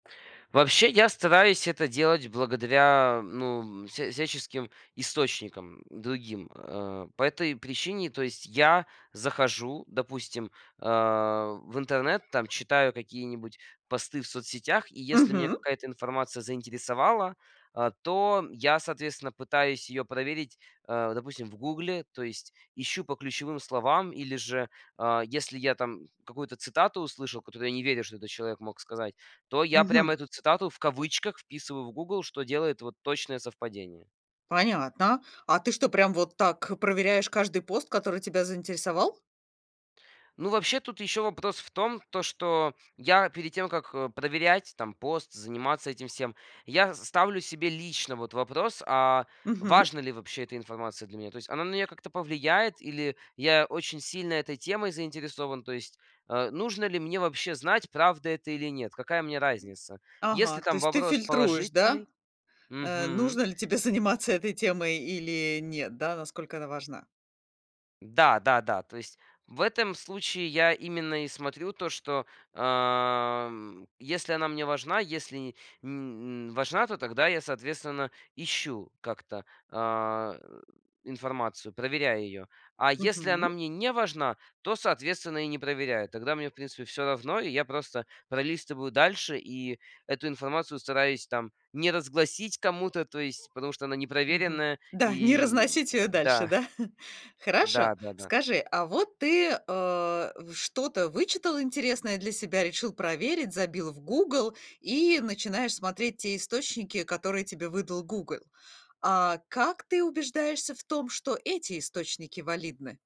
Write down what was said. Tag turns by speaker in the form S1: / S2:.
S1: Вообще, я стараюсь это делать благодаря, ну, м, вся всяческим источникам другим, э. По этой причине, то есть я захожу, допустим, а, в интернет, там читаю какие-нибудь посты в соцсетях. И если меня
S2: Мгм.
S1: какая-то информация заинтересовала, а, то я, соответственно, пытаюсь ее проверить, э, допустим, в Гугле. То есть ищу по ключевым словам или же, а, если я там какую-то цитату услышал, которую я не верю, что этот человек мог сказать, то я прям
S2: Мгм.
S1: эту цитату в кавычках вписываю в Гугл, что делает вот точное совпадение.
S2: Понятно. А ты что, прям вот так, э, проверяешь каждый пост, который тебя заинтересовал?
S1: Ну, вообще, тут еще вопрос в том, то что я перед тем, как, э, проверять там пост, заниматься этим всем, я с ставлю себе лично вот вопрос: "А
S2: Мгм.
S1: важна ли вообще эта информация для меня?" То есть она на меня как-то повлияет или я очень сильно этой темой заинтересован? То есть, э, нужно ли мне вообще знать, правда это или нет, какая мне разница? Если
S2: Ага, то
S1: там
S2: есть ты
S1: вопрос
S2: фильтруешь, да?
S1: положительный
S2: Э,
S1: Мгм.
S2: нужно ли тебе заниматься этой темой или нет, да? Насколько она важна?
S1: Да-да-да. То есть в этом случае я именно и смотрю то, что, ам, если она мне важна, если и, м м- важна, то тогда я, соответственно, ищу как-то, а, информацию, проверяю ее. А если она
S2: Мгм.
S1: мне не важна, то, соответственно, и не проверяю. Тогда мне, в принципе, всё равно, и я просто пролистываю дальше и эту информацию стараюсь там не разгласить кому-то, то есть потому что она
S2: Мгм.
S1: непроверенная.
S2: Да, не
S1: И
S2: разносить её
S1: да.
S2: дальше, да? Хорошо,
S1: Да-да-да.
S2: скажи, а вот ты, э, в что-то вычитал интересное для себя, решил проверить, забил в Гугл и начинаешь смотреть те источники, которые тебе выдал Гугл. А как ты убеждаешься в том, что эти источники валидны?